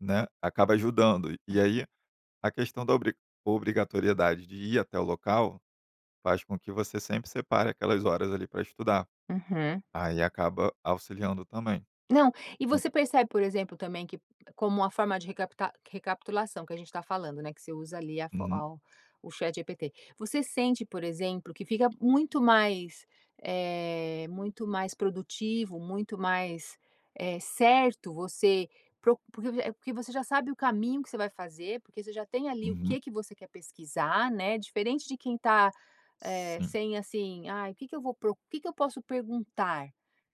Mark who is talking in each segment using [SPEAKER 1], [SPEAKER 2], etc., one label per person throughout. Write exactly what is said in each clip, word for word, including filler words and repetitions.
[SPEAKER 1] Né, acaba ajudando.
[SPEAKER 2] Uhum.
[SPEAKER 1] E aí, a questão da obriga obrigatoriedade de ir até o local faz com que você sempre separe aquelas horas, ali, para estudar.
[SPEAKER 2] Uhum.
[SPEAKER 1] Aí acaba auxiliando também.
[SPEAKER 2] Não, e
[SPEAKER 1] En
[SPEAKER 2] você percebe, por exemplo, também que, como uma forma de recapita recapitulação que a gente está falando, né, que você usa ali, a fo
[SPEAKER 1] Uhum.
[SPEAKER 2] ao o ChatGPT. Você sente, por exemplo, que fica muito mais, eh, muito mais produtivo, muito mais, eh, certo, você procu porque, eh porque você já sabe o caminho que você vai fazer, porque você já tem, ali, o
[SPEAKER 1] Uhum.
[SPEAKER 2] que que você quer pesquisar, né, diferente de quem está, eh,
[SPEAKER 1] Sim.
[SPEAKER 2] sem, assim, "ai, o que que eu vou pro o que que eu posso perguntar?",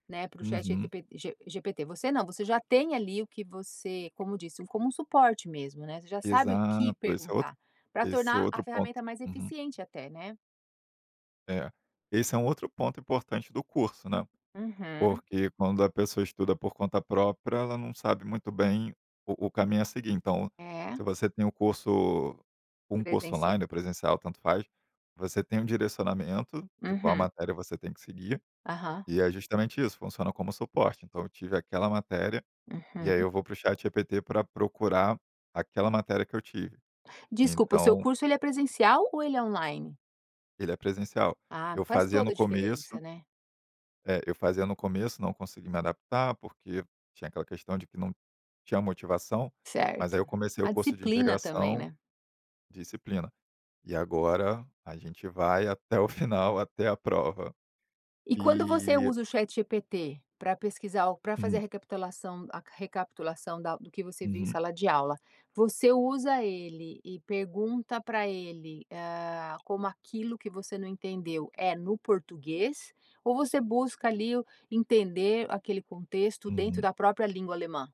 [SPEAKER 2] né, para o
[SPEAKER 1] Uhum.
[SPEAKER 2] ChatGTP G GPT. Você não, você já tem, ali, o que você, como disse, como um suporte mesmo, né, você já sabe o que
[SPEAKER 1] Exato, esse é outro
[SPEAKER 2] perguntar, pra
[SPEAKER 1] esse é
[SPEAKER 2] tornar a
[SPEAKER 1] outro ponto.
[SPEAKER 2] ferramenta mais
[SPEAKER 1] Uhum.
[SPEAKER 2] eficiente até, né.
[SPEAKER 1] É, esse é um outro ponto importante do curso, né.
[SPEAKER 2] Uhum.
[SPEAKER 1] Porque quando a pessoa estuda por conta própria, ela não sabe muito bem o o caminho a seguir, então
[SPEAKER 2] É.
[SPEAKER 1] se você tem o curso um curso
[SPEAKER 2] Presencia
[SPEAKER 1] online ou presencial, tanto faz, você tem um direcionamento de qual
[SPEAKER 2] Uhum.
[SPEAKER 1] matéria você tem que seguir,
[SPEAKER 2] Aham.
[SPEAKER 1] e é justamente isso, funciona como suporte, então eu tive aquela matéria, e aí
[SPEAKER 2] Uhum.
[SPEAKER 1] eu vou para o ChatGPT pra procurar aquela matéria que eu tive.
[SPEAKER 2] Desculpa, o seu
[SPEAKER 1] Então
[SPEAKER 2] curso, ele é presencial ou ele é online?
[SPEAKER 1] Ele é presencial.
[SPEAKER 2] Ah,
[SPEAKER 1] Eu
[SPEAKER 2] faz
[SPEAKER 1] fazia
[SPEAKER 2] toda
[SPEAKER 1] no
[SPEAKER 2] a
[SPEAKER 1] começo
[SPEAKER 2] diferença, né.
[SPEAKER 1] eh, eu fazia no começo, não consegui me adaptar, porque tinha aquela questão de que não tinha motivação. Mas aí
[SPEAKER 2] Certo.
[SPEAKER 1] eu comecei o
[SPEAKER 2] A
[SPEAKER 1] curso de
[SPEAKER 2] disciplina também,
[SPEAKER 1] integração
[SPEAKER 2] né.
[SPEAKER 1] disciplina, e agora a gente vai até o final, até a prova.
[SPEAKER 2] E quando você
[SPEAKER 1] E
[SPEAKER 2] usa o ChatGPT pra pesquisar ou pra fazer a
[SPEAKER 1] Hum.
[SPEAKER 2] recapitulação a recapitulação da do que você viu em
[SPEAKER 1] Uhum.
[SPEAKER 2] sala de aula, você usa ele e pergunta pra ele, hã, como aquilo que você não entendeu é no português, ou você busca, ali, o entender aquele contexto dentro
[SPEAKER 1] Uhum.
[SPEAKER 2] da própria língua alemã?